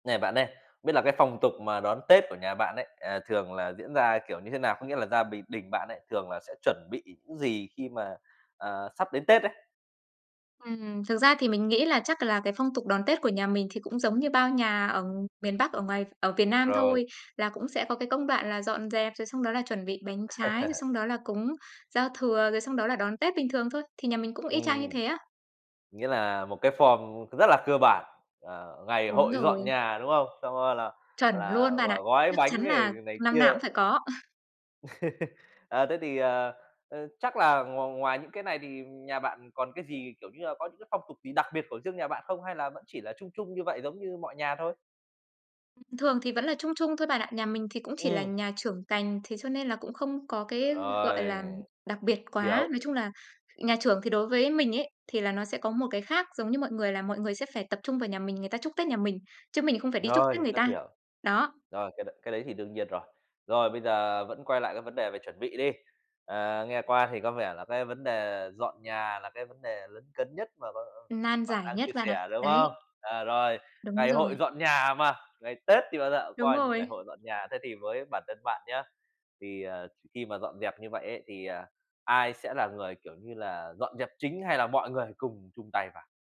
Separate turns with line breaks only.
Nè bạn ơi, biết là cái phong tục mà đón Tết của nhà bạn ấy, à, thường là diễn ra kiểu như thế nào? Có nghĩa là gia bình đình bạn ấy thường là sẽ chuẩn bị những gì khi mà, ờ, sắp đến Tết ấy?
Ừm, ừm, thực ra thì mình nghĩ là chắc là cái phong tục đón Tết của nhà mình thì cũng giống như bao nhà ở miền bắc, ở ngoài ở Việt Nam
Rồi.
thôi, là cũng sẽ có cái công đoạn là dọn dẹp, rồi xong đó là chuẩn bị bánh trái, rồi xong đó là cúng giao thừa, rồi xong đó là đón Tết bình thường thôi. Thì nhà mình cũng y chang như
Ừm.
thế á.
Nghĩa là một cái form cũng rất là cơ bản. Ờ, ngày
Đúng
hội dọn
rồi.
nhà, đúng không? Sau đó rồi là,
Chuẩn
gọi là,
luôn
là
bạn ạ.
gói gói
Chắc chắn
bánh rồi
là
này
năm nào
kia.
cũng phải có.
Ờ, thế thì, ờ, ơ, chắc là ngoài ngoài những cái này thì nhà bạn còn cái gì, kiểu như là, có những cái phong tục gì đặc biệt của riêng nhà bạn không, hay là vẫn chỉ là chung chung như vậy giống như mọi nhà thôi?
Thường thì vẫn là chung chung thôi bạn ạ. Nhà mình thì cũng chỉ là
Ừm.
nhà trưởng cành, thế cho nên là cũng không có cái, gọi
Rồi,
là, đặc biệt
hiểu.
quá. Nói chung là nhà trưởng thì đối với mình ấy, thì là nó sẽ có một cái khác giống như mọi người, là mọi người sẽ phải tập trung vào nhà mình, người ta chúc Tết nhà mình, chứ mình không phải đi chúc Tết
Rồi,
người
rất
ta.
hiểu.
Đó.
Rồi, cái đấy cái đấy thì đương nhiên rồi. Rồi, bây giờ vẫn quay lại cái vấn đề về chuẩn bị đi. Ờ, nghe qua thì có vẻ là cái vấn đề dọn nhà là cái vấn đề lấn cấn nhất mà mà mà
Nan
bạn
giải
đang
nhất
chia
bạn ạ.
sẻ, đúng không?
Đấy.
À, rồi,
Đúng
ngày hội
rồi.
dọn nhà mà, ngày Tết thì, gọi là,
Đúng
coi như ngày
rồi!
hội dọn nhà. Thế thì với bản thân bạn nhá, thì, ờ, khi mà dọn dẹp như vậy ấy thì, ờ, ai sẽ là người, kiểu như là, dọn dẹp chính hay là mọi người cùng chung tay vào?